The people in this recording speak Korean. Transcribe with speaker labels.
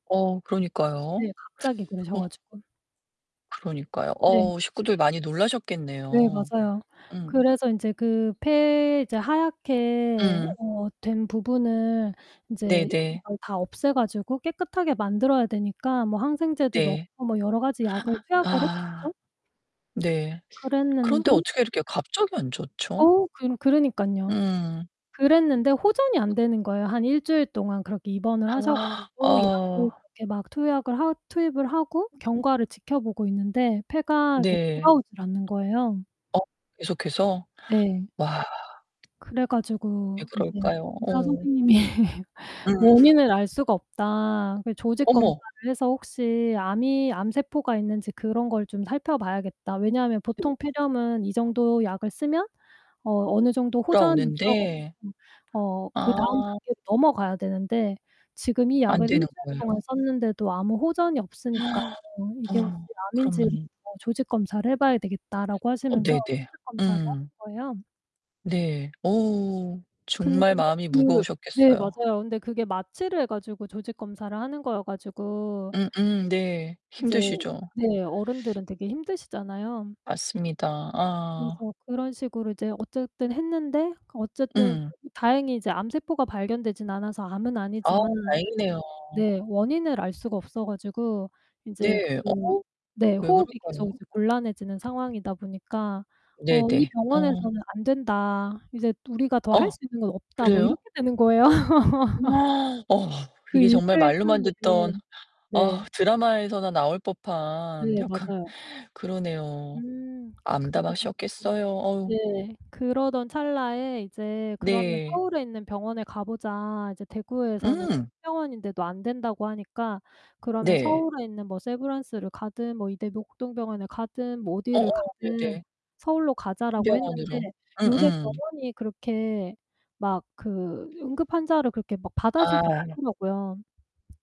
Speaker 1: 어 그러니까요.
Speaker 2: 네 갑자기 그러셔
Speaker 1: 어.
Speaker 2: 가지고.
Speaker 1: 그러니까요.
Speaker 2: 네.
Speaker 1: 어 식구들 많이
Speaker 2: 네
Speaker 1: 놀라셨겠네요.
Speaker 2: 맞아요.
Speaker 1: 음.
Speaker 2: 그래서 인제 그 폐 이제 하얗게
Speaker 1: 음.
Speaker 2: 어 된 부분을 인제
Speaker 1: 네네.
Speaker 2: 이걸 다 없애 가지고 깨끗하게 만들어야 되니까 뭐 항생제도
Speaker 1: 네.
Speaker 2: 넣고 뭐 여러 가지 약을 투약을
Speaker 1: 아.
Speaker 2: 했겠죠?
Speaker 1: 네. 그런데
Speaker 2: 그랬는데
Speaker 1: 어떻게 이렇게 갑자기 안 좋죠?
Speaker 2: 어 그러 그러니깐요.
Speaker 1: 음.
Speaker 2: 그랬는데 호전이 안 되는 거예요. 한 1 주일 동안 그렇게 입원을 하셔 가지고 약을
Speaker 1: 어.
Speaker 2: 그렇게 막 투약을 하 투입을 하고 경과를 지켜보고 있는데 폐가 이렇게
Speaker 1: 네.
Speaker 2: 돌아오질 않는 거예요.
Speaker 1: 어 계속해서?
Speaker 2: 네.
Speaker 1: 와.
Speaker 2: 그래
Speaker 1: 왜
Speaker 2: 가지고 이제
Speaker 1: 그럴까요?
Speaker 2: 의사
Speaker 1: 어.
Speaker 2: 선생님이
Speaker 1: 음.
Speaker 2: "원인을 알 수가 없다. 그 조직 검사를
Speaker 1: 어머.
Speaker 2: 해서 혹시 암이 암세포가 있는지 그런 걸 좀 살펴봐야겠다. 왜냐하면 보통 폐렴은 이 정도 약을 쓰면 어 어느 정도 호전이 있어
Speaker 1: 돌아오는데.
Speaker 2: 가지고 어
Speaker 1: 아.
Speaker 2: 그다음 단계로 넘어가야 되는데 지금 이
Speaker 1: 안
Speaker 2: 약을 1
Speaker 1: 되는
Speaker 2: 주일 동안
Speaker 1: 거예요?
Speaker 2: 썼는데도 아무 호전이 없으니까 이게 혹시
Speaker 1: 어
Speaker 2: 암인지
Speaker 1: 그러면
Speaker 2: 조직 검사를 해봐야 되겠다."라고
Speaker 1: 어
Speaker 2: 하시면서
Speaker 1: 네네.
Speaker 2: 조직 검사를
Speaker 1: 음.
Speaker 2: 하신 거예요.
Speaker 1: 네. 어우.
Speaker 2: 그런데
Speaker 1: 정말 마음이
Speaker 2: 그 네
Speaker 1: 무거우셨겠어요.
Speaker 2: 맞아요. 근데 그게 마취를 해 가지고 조직 검사를 하는 거여 가지고
Speaker 1: 음음 네.
Speaker 2: 이제
Speaker 1: 힘드시죠.
Speaker 2: 네 어른들은 되게 힘드시잖아요.
Speaker 1: 맞습니다. 아.
Speaker 2: 그래서 그런 식으로 이제 어쨌든 했는데 어쨌든
Speaker 1: 음.
Speaker 2: 너무 다행히 이제 암세포가 발견되지는 않아서 암은
Speaker 1: 아
Speaker 2: 아니지만
Speaker 1: 다행이네요.
Speaker 2: 네 원인을 알 수가 없어 가지고 인제
Speaker 1: 네. 어
Speaker 2: 그 네
Speaker 1: 왜
Speaker 2: 호흡이
Speaker 1: 그럴까요?
Speaker 2: 계속 이제 곤란해지는 상황이다 보니까 "어 이
Speaker 1: 네네. 어.
Speaker 2: 병원에서는 안 된다. 이제 우리가 더 할
Speaker 1: 어
Speaker 2: 수 있는 건 없다." 뭐
Speaker 1: 그래요?
Speaker 2: 이렇게 되는 거예요.
Speaker 1: 어
Speaker 2: 그
Speaker 1: 이게
Speaker 2: 1
Speaker 1: 정말
Speaker 2: 주일
Speaker 1: 말로만
Speaker 2: 사이에.
Speaker 1: 듣던
Speaker 2: 네.
Speaker 1: 어 드라마에서나 나올 법한
Speaker 2: 네
Speaker 1: 약간
Speaker 2: 맞아요.
Speaker 1: 그러네요.
Speaker 2: 음. 그래 가지고
Speaker 1: 암담하셨겠어요. 어우.
Speaker 2: 네. 그러던 찰나에 이제 "그러면
Speaker 1: 네.
Speaker 2: 서울에 있는 병원에 가보자. 이제 대구에서는 큰
Speaker 1: 음.
Speaker 2: 병원인데도 안 된다고 하니까 그러면
Speaker 1: 네.
Speaker 2: 서울에 있는 뭐 세브란스를 가든, 뭐 이대 목동 병원을 가든, 뭐 어디를
Speaker 1: 어어
Speaker 2: 가든
Speaker 1: 네네.
Speaker 2: 서울로
Speaker 1: 큰
Speaker 2: 가자."라고 했는데
Speaker 1: 병원으로.
Speaker 2: 요새
Speaker 1: 음음.
Speaker 2: 병원이 그렇게 막 그 응급환자를 그렇게 막 받아주지
Speaker 1: 아.
Speaker 2: 않더라고요.